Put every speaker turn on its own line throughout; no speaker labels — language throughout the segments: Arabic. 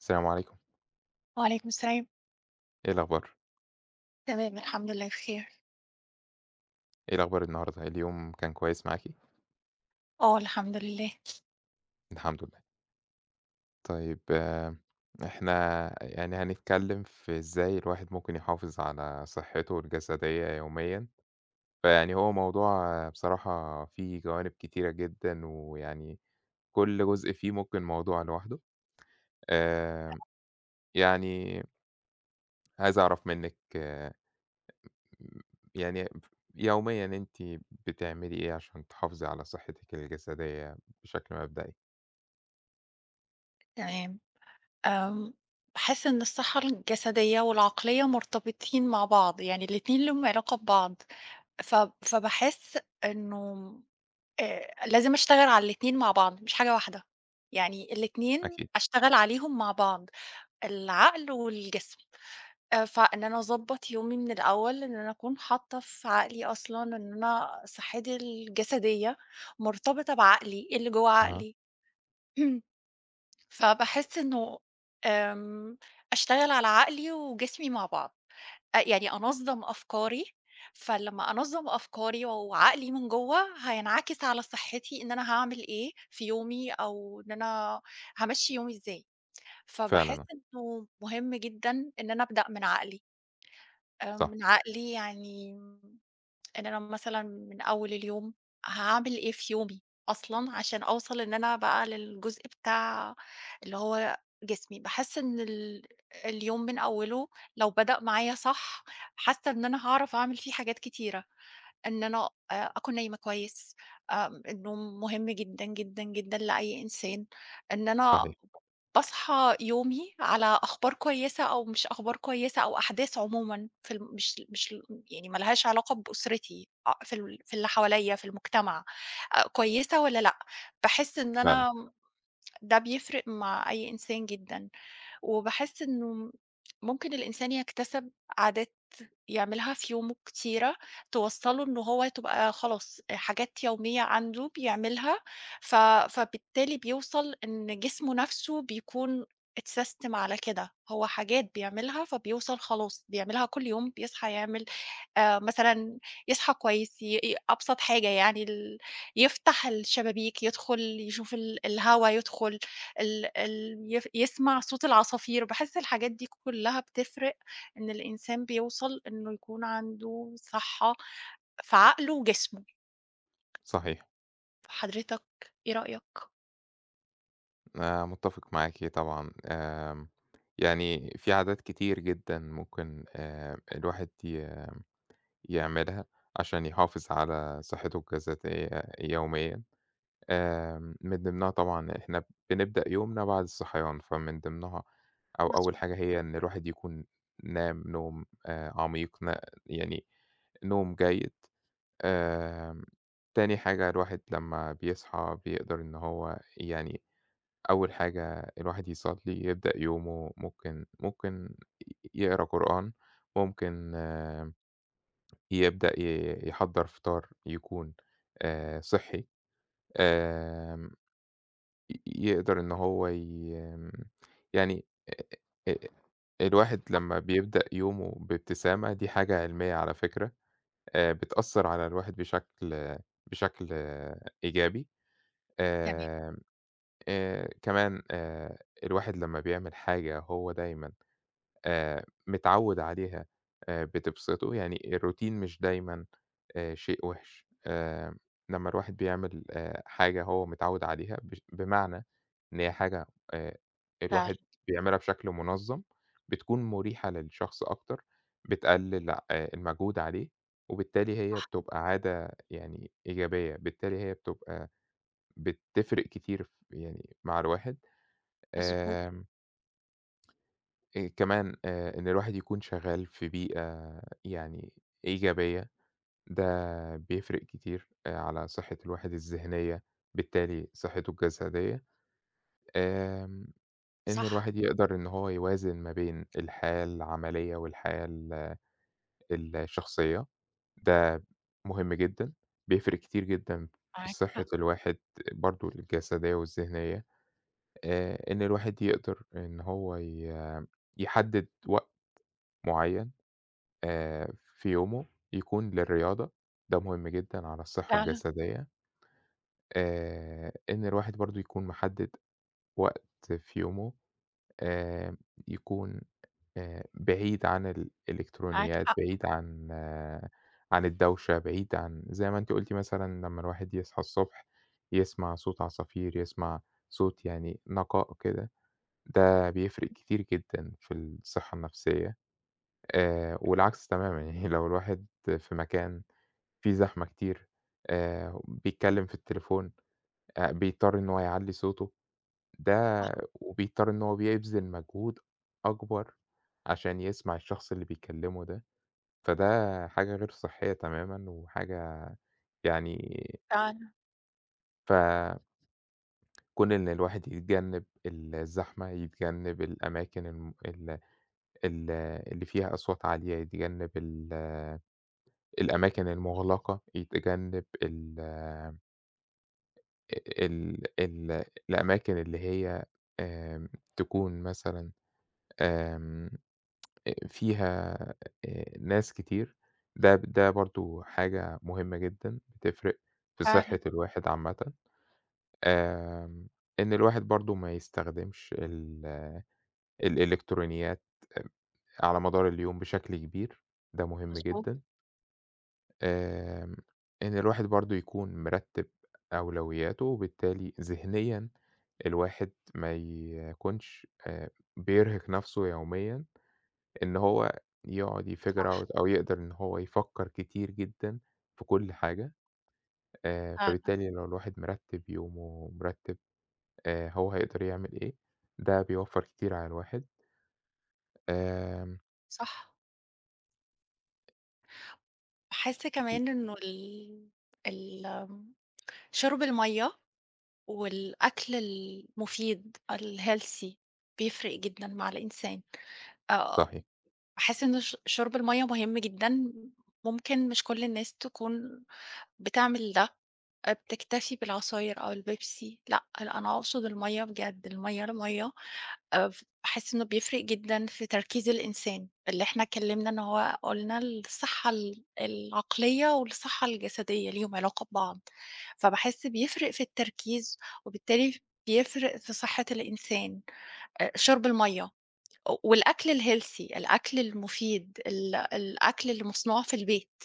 السلام عليكم.
وعليكم السلام.
إيه الأخبار؟
تمام، الحمد لله بخير.
إيه الأخبار النهارده، اليوم كان كويس معاكِ؟
آه، الحمد لله.
الحمد لله. طيب إحنا يعني هنتكلّم في إزاي الواحد ممكن يحافظ على صحّته الجسدية يوميًا، فيعني هو موضوع بصراحة فيه جوانب كتيرة جدًا، ويعني كل جزء فيه ممكن موضوع لوحده، آمم،
[unintelligible]
يعني عايز أعرف منِّك يعني ف يوميًا أنتِ بتعملي إيه عشان تحافظي على صحّتِك الجسدية بشكل مبدئي؟
تمام، آمم باحس إن الصحّة الجسدية والعقلية مرتبطين مع بعض, يعني الاتنين ليهم علاقة ببعض فب فباحس إنه م آآ لازم أشتغل على الاتنين مع بعض مش حاجة واحدة، يعني الاتنين
أكيد.
أشتغل عليهم مع بعض العقل والجسم آآ، فإن أنا أضبّط يومي من الأول، إن أنا أكون حاطّة في عقلي أصلًا إن أنا صحّتي الجسدية مرتبطة بعقلي، اللي جوّا
أها.
عقلي. ...فباحس إنه آمم، أشتغل على عقلي وجسمي مع بعض أ يعني أنظّم أفكاري فلمّا أنظّم أفكاري و وعقلي من جوّا هينعكس على صحّتي، إن أنا هاعمل إيه في يومي أو إن أنا هامشّي يومي إزاي، فباحس
فعلًا آه.
إنه مهم جدًا إن أنا أبدأ من عقلي، آآ،
صح.
من عقلي يعني م إن أنا مثلًا من أول اليوم هاعمل إيه في يومي، أصلًا عشان أوصل إن أنا بقى للجزء بتاع اللي هو جسمي باحس إن ال اليوم من أوّله لو بدأ معايا صح، حاسّة إن أنا هاعرف أعمل فيه حاجات كتيرة، إن أنا آآ، أكون نايمة كويس آمم، النوم مهم جدًا، جدًا، جدًا لأي إنسان، إن أنا
صحيح.
باصحى يومي على أخبار كويسة أو مش أخبار كويسة أو أحداث عمومًا في الم مش ل مش لم يعني ما لهاش علاقة بأسرتي آآ، في ال في اللي حواليّا في المجتمع آآ، كويسة والّا لأ، باحس إن
فعلًا.
أنا م ده بيفرق مع أي إنسان جدًا وباحس إنه ممكن الإنسان يكتسب عادات يعملها في يومه كتيرة، توصّله اللي هو تبقى خلاص آآ، حاجات يومية عنده بيعملها، ف فبالتالي بيوصل إن جسمه نَفْسه بيكون اتساستم على كده هو حاجات بيعملها فبيوصل خلاص بيعملها كل يوم بيصحى يعمل آآ مثلًا يصحى كويس ي ي أبسط حاجة يعني ال يفتح الشبابيك يدخُل يشوف ال الهوا يدخُل ال ال يف يسمع صوت العصافير باحس الحاجات دي كلّها بتفرق إن الإنسان بيوصل إنه يكون عنده صحّة في عقله وجسمه.
صحيح.
حضرتك إيه رأيك؟
أنا متفق معاكِ طبعًا. آمم، يعني في عادات كتير جدًا ممكن آآ، الواحد ي يعملها عشان يحافظ على صحته الجسدية يوميًا، آمم من ضِمنها طبعًا إحنا بنبدأ يومنا بعد الصحيان، فمن ضِمنها أو أول
مضبوط.
حاجة هي إن الواحد يكون نام نوم آآ عميق، نا يعني نوم جيد. آآ، تاني حاجة الواحد لمّا بيصحى بيقدر إن هو يعني أول حاجة الواحد يصلّي، يبدأ يومه ممكن ممكن يقرا قرآن، ممكن يبدأ ي يحضّر فطار يكون آآ صحّي، آمم، ي يقدر إن هو ي آمم، يعني آآ، الواحد
[unintelligible]
لمّا بيبدأ يومه بابتسامة دي حاجة علّمية على فكرة، آآ بتأثر على الواحد بشكل بشكل إيجابي.
تمام.
آمم، آآ، كمان آآ الواحد لمّا بيعمل حاجة هو دايمًا آآ، متعوّد عليها آآ بتبْسطه، يعني الRoutine مش دايمًا آآ شيء وحش، آآ، لمّا الواحد بيعمل آآ حاجة هو متعوّد عليها ب بمعنى إن هي حاجة آآ
فعلًا.
الواحد بيعملها بشكل منظم بتكون مُريحة للشخص أكتر، بتقلّل آآ المجهود عليه وبالتالي هي
صح.
بتبقى عادة يعني إيجابية، بالتالي هي بتبقى بتفرق كتير في يعني مع الواحد
مضبوط.
آمم آآ، كمان آآ، إن الواحد يكون شغال في بيئة يعني إيجابية ده بيفرق كتير آآ، على صحة الواحد الذهنية بالتالي صحته الجسدية. آمم، إن
صح.
الواحد يقدر إن هو يوازن ما بين الحياة العملية والحياة ال الشخصية ده مهم جدًا، بيفرق كتير جدًا في
معاك
صحة
حق.
الواحد برضه الجسدية والذهنية. آآ، إن الواحد يقدر إن هو ي يحدد وقت معين آآ في يومه يكون للرياضة ده مهم جدًا على الصحة
فعلًا.
الجسدية. آآ، إن الواحد برضه يكون محدد وقت في يومه آآ، يكون آآ، بعيد عن
معاك
الإلكترونيات،
حق.
بعيد عن عن الدوشة بعيد عن زي ما أنتِ قُلتِ مثلًا لمّا الواحد يصحى الصبح يسمع صوت عصافير، يسمع صوت يعني نقاء كده ده بيفرق كتير جدًا في الصحة النفسية، آآ، والعكس تمامًا يعني لو الواحد في مكان فيه زحمة كتير، آآ بيتكلم في التليفون، آآ، بيضطر إن هو يعلّي صوته، ده
صح.
وبيضطر إنه هو بيبذل مجهود أكبر عشان يسمع الشخص اللي بيكلمه ده، فده حاجة غير صحّية تمامًا وحاجة يعني
فعلًا.
ف كون إن الواحد يتجنب الزحمة، يتجنب الأماكن الم ال ال ال اللي فيها أصوات عالية، يتجنب ال الأماكن المُغلقة، يتجنب ال آآ ال ال الأماكن اللي هي آمم، تكون مثلًا آمم، آآ فيها آآ، ناس كتير، ده ده برضه حاجة مُهمة جدًا، بتفرِق في
فعلًا.
صحة الواحد عامًة. آمم، إن الواحد برضه ما يستخدمش ال الإلكترونيات آآ على مدار اليوم بشكل كبير. ده مُهم
مضبوط.
جدًا. آمم، إن الواحد برضه يكون مرتب أولوياته، وبالتالي ذهنيًا الواحد ما يكونش آآ، بيرهق نفسه يوميًا، إن هو يقعد يfigure
صح.
out أو يقدر إن هو يفكر كتير جدًا في كل حاجة. آآ،
فعلًا.
فبالتالي لو الواحد مرتب يومه، ومرتب آآ، هو هيقدر يعمل إيه، ده بيوفر كتير على الواحد. آمم.
صح. باحِس
[unintelligible]
كمان إنه ال ال شُرب المَيّه والأكل المفيد، الhealthy، بيفرِّق جدًا مع الإنسان. آآ،
صحيح.
باحِس إنه ش شُرب المَيّه مهم جدًا، ممكن مش كل الناس تكون بتعمل ده، آآ بتكتفي بالعصاير أو البيبسي. لأ، أنا أنا أقصد المَيّه، بجد، المَيّه المَيّه. آآ، فباحِس إنه بيفرِّق جدًا في تركيز الإنسان. اللي إحنا اتكلَّمنا، إن هو قُلنا الصحة ال العقلية والصحة الجسدية، ليهم علاقة ببعض. فباحِس بيفرِّق في التركيز، وبالتالي بيفرِّق في صحة الإنسان. آآ، شُرب المَيّه و والأكل الhealthy، الأكل المفيد، ال الأكل اللي مصنوع في البيت.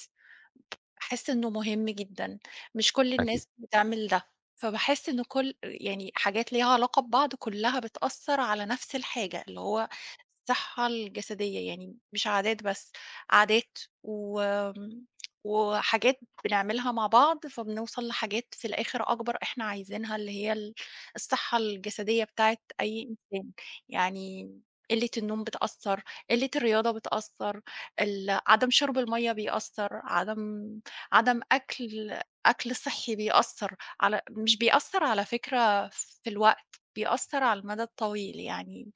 باحِس إنه مهم جدًا، مش كل
أكيد.
الناس بتعمل ده. فباحِس إنه كل يعني، حاجات ليها علاقة ببعض، كلها بتأثِّر على نفس الحاجة، اللي هو الصحة الجسدية يعني، مش عادات بس، عادات وآمم، وحاجات بنعملها مع بعض، فبنوصل لحاجات في الآخر أكبر، إحنا عايزينها، اللي هي ال الصحة الجسدية بتاعة أي إنسان. يعني قلة النوم بتأثِّر، قلة الرياضة بتأثِّر، ال عدم شُرب المَيّه بيأثِّر، عدم عدم أكل أكل صحّي بيأثِّر على مش بيأثِّر على فكرة في الوقت، بيأثِّر على المدى الطويل، يعني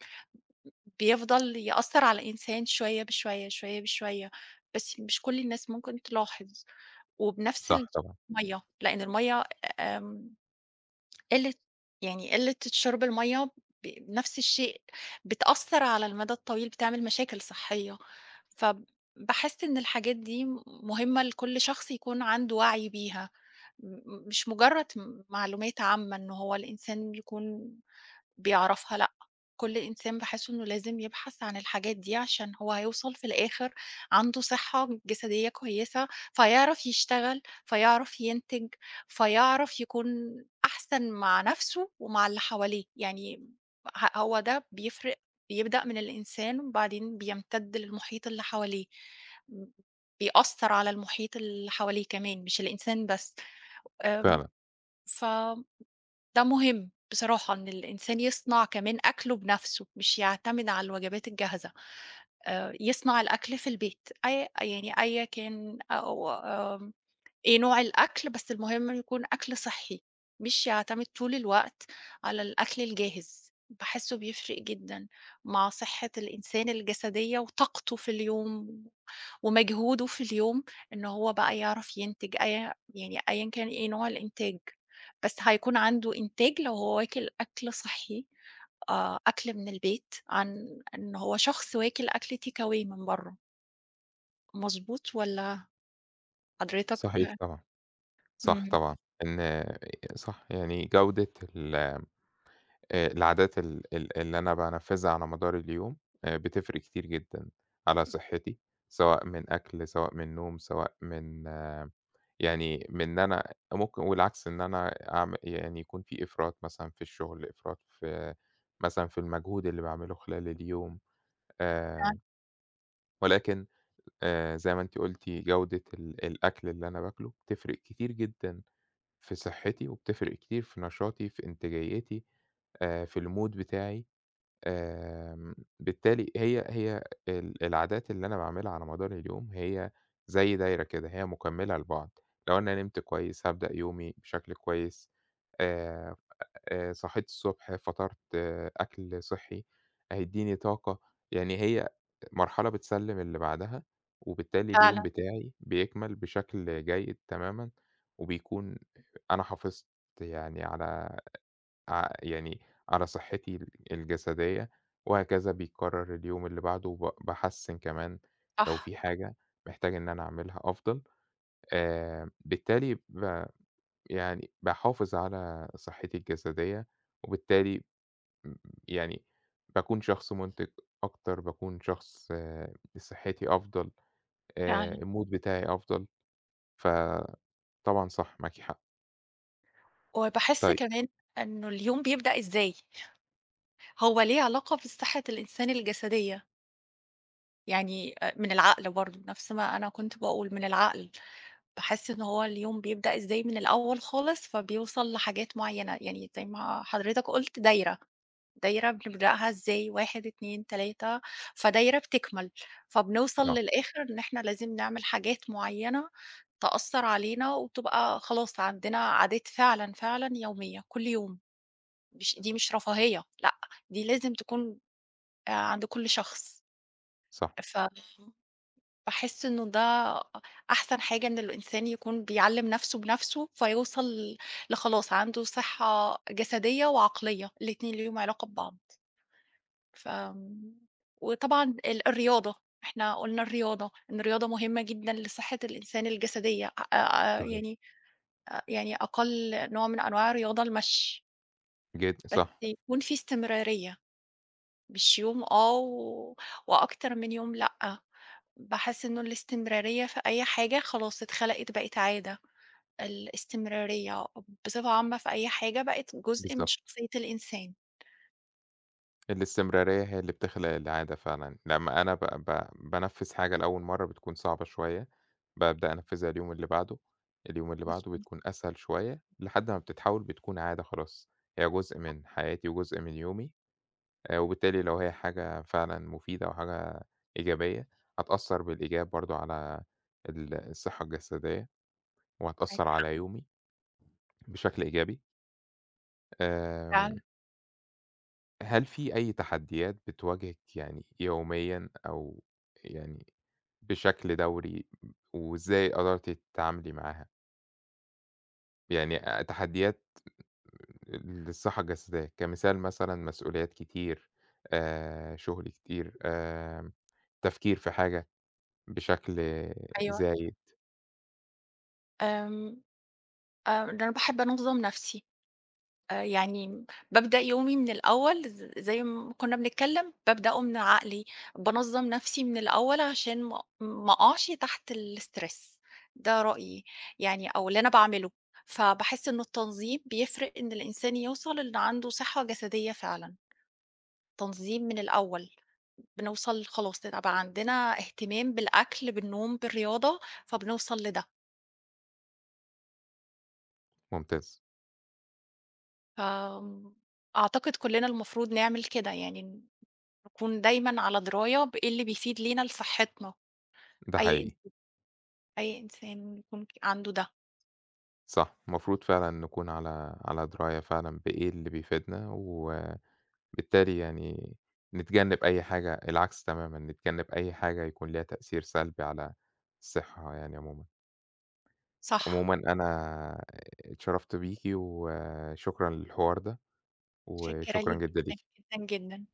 بيفضل يأثِّر على الإنسان، شوية بشوية، بشوية بشوية، بس مش كل الناس ممكن تلاحظ. وبنفس
صح طبعًا.
[unintelligible] المَيّه، لأن المَيّه آمم، قلة يعني قلة شُرب المَيّه، ب نفس الشيء، بتأثِّر على المدى الطويل، بتعمل مشاكل صحية. فباحِس إن الحاجات دي مهمة لكل شخص يكون عنده وعي بيها، م م مش مجرَّد م معلومات عامة إن هو الإنسان يكون بيعرفها. لأ، كل إنسان باحِس إنه لازم يبحث عن الحاجات دي، عشان هو هيوصل في الآخر، عنده صحة جسدية كويسة، فيعرف يشتغل، فيعرف ينتج، فيعرف يكون أحسن مع نفسه ومع اللي حواليه. يعني، ه هو ده بيفرِّق، بيبدأ من الإنسان، وبعدين بيمتدّ للمحيط اللي حواليه، بيأثِّر على المحيط اللي حواليه كمان، مش الإنسان بس. آمم،
فعلًا.
فده مهم بصراحة، إن الإنسان يصنع كمان أكله بنفسه، مش يعتمد على الوجبات الجاهزة. آآ، يصنع الأكل في البيت، أي يعني أي كان أو آمم، إيه نوع الأكل، بس المهم يكون أكل صحّي، مش يعتمد طول الوقت على الأكل الجاهز. باحِسه بيفرِّق جدًا مع صحة الإنسان الجسدية وطاقته في اليوم، و ومجهوده في اليوم، إن هو بقى يعرف ينتج، أي يعني، أيًا كان إيه نوع الإنتاج، بس هيكون عنده إنتاج، لو هو واكل أكل صحّي، آآ، أكل من البيت، عن إنه هو شخص واكل أكل takeaway من برَّه. مضبوط والّا؟ حضرتك
صحيح طبعًا، صح
إمم.
طبعًا. إن صح، يعني، جودة ال آآ العادات ال اللي أنا بانفِّذها على مدار اليوم، آآ، بتفرِّق كتير جدًا على صحتي، سواء من أكل، سواء من نوم، سواء من يعني من أنا ممكن والعكس، إن أنا أعم يعني، يكون في إفراط مثلًا في الشغل، إفراط في مثلًا في المجهود اللي باعمله خلال اليوم.
فعلًا.
آمم، ولكن آآ، زي ما أنتِ قُلتِ، جودة ال الأكل اللي أنا باكله، بتفرِّق كتير جدًا في صحتي، وبتفرِّق كتير في نشاطي، في إنتاجيتي، آآ، في المود بتاعي. آمم، بالتالي، هي هي ال العادات اللي أنا باعملها على مدار اليوم، هي زي دايرة كده، هي مكمِّلة لبعض. لو أنا نِمت كويس، هابدأ يومي بشكل كويس. آآ، آآ، صِحيت الصبح، فطِرت، أكل صحي هيدِّيني طاقة. يعني، هي مرحلة بتسلِّم اللي بعدها، وبالتالي اليوم
فعلًا.
بتاعي بيكمل بشكل جيد تمامًا، وبيكون أنا حافظت يعني على ع يعني على صحتي ال الجسدية، وهكذا بيكرَّر اليوم اللي بعده، وب باحسِّن كمان، لو
صح.
في حاجة محتاج إن أنا أعملها أفضل. آآ، بالتالي، ب يعني باحافظ على صحتي الجسدية، وبالتالي م يعني باكون شخص مُنتِج أكتر، باكون شخص صحتي أفضل آآ،
فعلًا.
المود بتاعي أفضل. فطبعًا صح، معاكِ حق.
وباحس
طيب
كمان، إنه اليوم بيبدأ إزاي؟ هو ليه علاقة بصحة الإنسان الجسدية. يعني، آآ، من العقل برضه، نفس ما أنا كنت باقول، من العقل، باحِس إن هو اليوم بيبدأ إزاي، من الأول خالص، فبيوصل لحاجات مُعيَّنة. يعني زي ما حضرتك قُلت، دايرة. دايرة، بنبدأها إزاي، 1، 2، 3 فدايرة بتكمِّل، فبنوصل
آه.
للآخر إن إحنا لازم نعمل حاجات مُعيَّنة، تأثِّر علينا، وتبقى خلاص، عندنا عادات فعلًا فعلًا يومية، كل يوم. مش دي مش رفاهية، لأ، دي لازم تكون، آآ، عند كل شخص.
صح.
فم باحِس إنه ده أ أحسن حاجة، إن الإنسان يكون بيعلِّم نفسه بنفسه، فيوصل ل لخلاص، عنده صحة جسدية وعقلية، الاتنين ليهم علاقة ببعض. ف وطبعًا ال الرياضة، إحنا قُلنا الرياضة، إن الرياضة مهمة جدًا لصحة الإنسان الجسدية. آآ،
صحيح.
يعني آآ يعني، أقل نوع من أنواع الرياضة، المشي.
جدًا،
بس
صح.
يكون في استمراريّة. مش يوم آه، و وأكتر من يوم لأ. باحِس إنه الاستمراريّة في أي حاجة خلاص، اتخلِقت، بقِت عادة. الاستمراريّة بصفة عامة في أي حاجة، بقِت جزء من
بالضبط.
شخصيّة الإنسان.
الاستمرارية هي اللي بتخلق العادة فعلًا. لمّا أنا ب ب بانفّذ حاجة لأول مرّة بتكون صعبة شوية، بابدأ أنفّذها اليوم اللي بعده، اليوم اللي بعده،
مضبوط.
بتكون أسهل شوية لحد ما بتتحوّل بتكون عادة خلاص، هي جزء من حياتي وجزء من يومي. آآ وبالتالي ولو هي حاجة فعلًا مفيدة وحاجة إيجابية هتأثّر بالإيجاب برضه على ال الصحة الجسدية
معاك
وهتأثّر
حق.
على يومي بشكل إيجابي
فعلًا.
آمم هل في أي تحديات بتواجهِك يعني يوميًا أو يعني بشكل دوري م وإزاي قدرتِ تتعاملي معاها؟ يعني آآ تحديات للصحّة الجسدية، كمثال مثلًا مسؤوليات كتير آآ شُغل كتير آمم تفكير في حاجة بشكل
أيوه.
زايد.
آمم آآ، ده أنا باحب أنظّم نَفْسي، آآ يعني بابدأ يومي من الأول ز زي ما كنّا بنتكلّم، بابدأه من عقلي. بانظّم نَفْسي من الأول عشان ما أ ما أقعش تحت الstress ده رأيي يعني أو اللي أنا باعمله. فباحس إنه التنظيم بيفرق إن الإنسان يوصل ال عنده صحّة جسدية فعلًا، تنظيم من الأول، بنوصل خلاص ال بقى عندنا اهتمام بالأكل، بالنوم، بالرياضة فبنوصل لده.
ممتاز.
ف أعتقد كلّنا المفروض نعمل كده يعني ن نكون دايمًا على دراية بإيه اللي بيفيد لينا لصحّتنا
ده
أي إنس
حقيقي.
أي إنسان إنه يكون في عنده ده.
صح المفروض فعلًا نكون على على دراية فعلًا بإيه اللي بيفيدنا، وبالتالي يعني نتجنّب أي حاجة العكس تمامًا، نتجنّب أي حاجة يكون ليها تأثير سلبي على الصحّة يعني عمومًا.
صح.
عمومًا أنا اتشرّفت بيكِ وشكرًا للحوار ده
مُتشكّرة
وشكرًا
ليك
جدًا
جدًا،
ليكِ.
جدًا، جدًا.